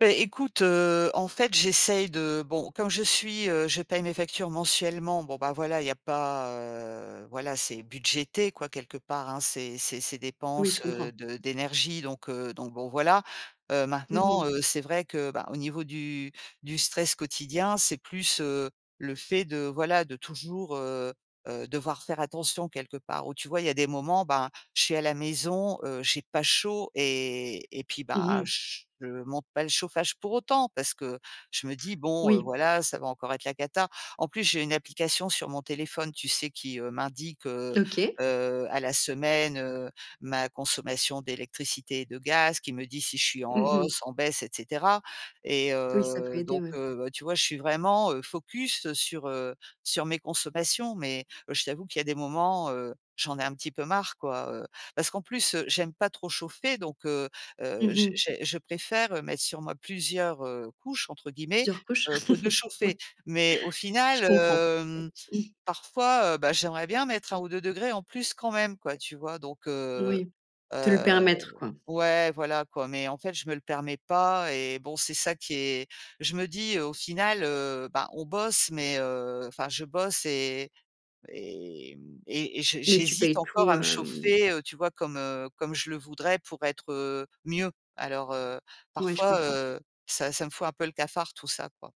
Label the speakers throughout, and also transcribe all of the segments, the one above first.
Speaker 1: É écoute, heu, en fait, j'essaye de bon, comme je suis, heu, je paye mes factures mensuellement, bon ben, voilà, il y a pas, heu, voilà, c'est budgété quoi quelque part, hein, ces ces ces
Speaker 2: Oui, je
Speaker 1: dépenses,
Speaker 2: comprends.
Speaker 1: heu, de d'énergie, donc heu, donc bon voilà. Heu,
Speaker 2: Mmh
Speaker 1: maintenant,
Speaker 2: mh.
Speaker 1: heu, c'est vrai que bah, au niveau du du stress quotidien, c'est plus, heu, le fait de voilà de toujours, heu heu, devoir faire attention quelque part où, tu vois, il y des moments ben, je suis à la maison, heu, j'ai pas chaud et et puis
Speaker 2: Mmh
Speaker 1: ben,
Speaker 2: mh.
Speaker 1: je monte pas le chauffage pour autant parce que je me dis bon, heu:
Speaker 2: Oui.
Speaker 1: «Voilà, ça va encore être la cata». En plus, j'ai une application sur mon téléphone, tu sais, qui, heu, m'indique, heu
Speaker 2: OK.
Speaker 1: heu, à la semaine, heu, ma consommation d'électricité et de gaz, qui me dit si je suis en
Speaker 2: Mmh mh.
Speaker 1: hausse, en baisse et cetera et
Speaker 2: Oui, ça peut
Speaker 1: heu,
Speaker 2: aider
Speaker 1: donc
Speaker 2: oui.
Speaker 1: heu, tu vois, je suis vraiment, heu, focus sur, heu, sur mes consommations. Mais, je t'avoue qu'il y a des moments, heu, j'en ai un petit peu marre quoi, heu, parce qu'en plus, heu, j'aime pas trop chauffer, donc, heu heu,
Speaker 2: Mmh
Speaker 1: je
Speaker 2: mh.
Speaker 1: je je préfère mettre sur moi plusieurs, heu, «couches» entre guillemets
Speaker 2: Plusieurs couches,
Speaker 1: que que de
Speaker 2: oui,
Speaker 1: chauffer. Mais au
Speaker 2: je
Speaker 1: final
Speaker 2: comprends.
Speaker 1: heu, mmh, parfois, heu, ben j'aimerais bien mettre 1 ou 2º en plus quand même quoi, tu vois? Donc, heu
Speaker 2: Oui. Te le
Speaker 1: heu
Speaker 2: permettre, quoi.
Speaker 1: ouais, voilà quoi, mais en fait je me le permets pas et bon, c'est ça qui est je me dis au final, heu, bah on bosse, mais, heu, enfin je bosse et et j'hé
Speaker 2: Mais tu
Speaker 1: j'hésite
Speaker 2: payes
Speaker 1: encore
Speaker 2: tout,
Speaker 1: à me
Speaker 2: heu, mmh
Speaker 1: chauffer, heu, tu vois, comme comme je le voudrais pour être, heu, mieux. Alors, heu,
Speaker 2: Ouais, je
Speaker 1: parfois,
Speaker 2: comprends.
Speaker 1: heu, ça ça me fout un peu le cafard tout ça, quoi.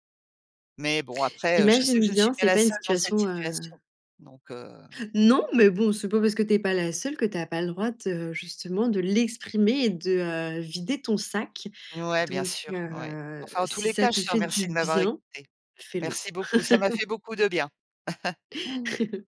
Speaker 1: Mais bon, après, je sais que
Speaker 2: J'imagine
Speaker 1: je ne
Speaker 2: bien,
Speaker 1: suis pas
Speaker 2: c'est
Speaker 1: la
Speaker 2: pas une
Speaker 1: seule dans cette
Speaker 2: situation,
Speaker 1: situation,
Speaker 2: heu
Speaker 1: Donc heu
Speaker 2: Non, mais bon, c'est pas parce que tu es pas la seule que tu as pas le droit de justement de l'exprimer et de vider ton sac.
Speaker 1: Ouais, bien
Speaker 2: Donc
Speaker 1: sûr, ouais.
Speaker 2: heu,
Speaker 1: Enfin, en tous
Speaker 2: si
Speaker 1: les
Speaker 2: ça
Speaker 1: cas,
Speaker 2: te
Speaker 1: je te
Speaker 2: fait du
Speaker 1: remercie de m'avoir
Speaker 2: bien,
Speaker 1: écoutée.
Speaker 2: fais-le.
Speaker 1: Merci beaucoup. Ça m'a fait beaucoup de bien.